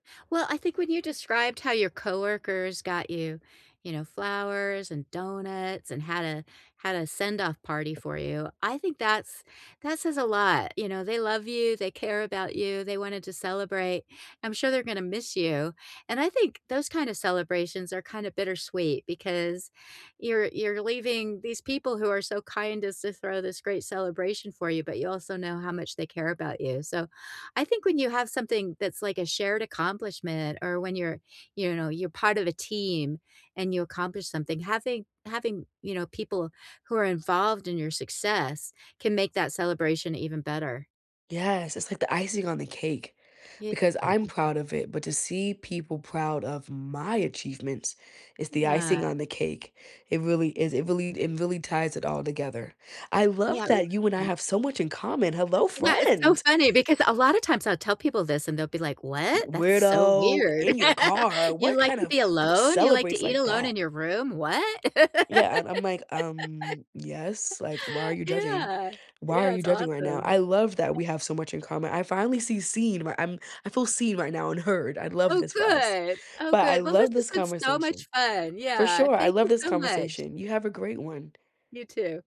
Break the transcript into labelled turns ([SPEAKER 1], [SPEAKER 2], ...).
[SPEAKER 1] Well, I think when you described how your coworkers got you, you know, flowers and donuts and had a had a send-off party for you, I think that's that says a lot, you know, they love you, they care about you, they wanted to celebrate. I'm sure they're gonna miss you, and I think those kind of celebrations are kinda bittersweet because you're you're leaving these people who are so kind as to throw this great celebration for you, but you also know how much they care about you. So, I think when you have something that's, like, a shared accomplishment or when you're, you know, you're part of a team and you accomplish something, having having, you know, people who are involved in your success can make that celebration even better.
[SPEAKER 2] Yes, it's like the icing on the cake
[SPEAKER 1] Ye
[SPEAKER 2] because I'm
[SPEAKER 1] [unintelligible]
[SPEAKER 2] proud of it. But to see people proud of my achievements is the
[SPEAKER 1] Mm, ah.
[SPEAKER 2] icing on the cake. It really is it really it really ties it all together. I
[SPEAKER 1] Yeah,
[SPEAKER 2] love
[SPEAKER 1] really
[SPEAKER 2] that you and I
[SPEAKER 1] good.
[SPEAKER 2] have so much in common. Hello,
[SPEAKER 1] Yeah, it's so
[SPEAKER 2] friend!
[SPEAKER 1] funny because a lotta times I'll tell people this, and they'll be like, "What? That's so
[SPEAKER 2] “Weirdo,
[SPEAKER 1] weird."
[SPEAKER 2] in your car? What
[SPEAKER 1] "You like
[SPEAKER 2] kind
[SPEAKER 1] to
[SPEAKER 2] of
[SPEAKER 1] be
[SPEAKER 2] who
[SPEAKER 1] alone? You like to
[SPEAKER 2] celebrates
[SPEAKER 1] eat
[SPEAKER 2] like
[SPEAKER 1] alone
[SPEAKER 2] that?”
[SPEAKER 1] in your room? What?"
[SPEAKER 2] Yeah, I'm I'm like, um, "Yes, like why are you judging?
[SPEAKER 1] Yeah.
[SPEAKER 2] Why are
[SPEAKER 1] Yeah,
[SPEAKER 2] you
[SPEAKER 1] it's
[SPEAKER 2] judging right now?”
[SPEAKER 1] awesome.
[SPEAKER 2] I love that we have so much in common. I finally see seen where I'm I feel seen right now and heard. I'd love
[SPEAKER 1] Oh,
[SPEAKER 2] this for us,
[SPEAKER 1] good. Oh,
[SPEAKER 2] but I
[SPEAKER 1] good. Well, this
[SPEAKER 2] love
[SPEAKER 1] has
[SPEAKER 2] this
[SPEAKER 1] been so
[SPEAKER 2] conversation.
[SPEAKER 1] much fun.
[SPEAKER 2] For
[SPEAKER 1] Yeah.
[SPEAKER 2] sure, I
[SPEAKER 1] Thank
[SPEAKER 2] love
[SPEAKER 1] you
[SPEAKER 2] this
[SPEAKER 1] so much.
[SPEAKER 2] conversation. You have a great one.
[SPEAKER 1] You too.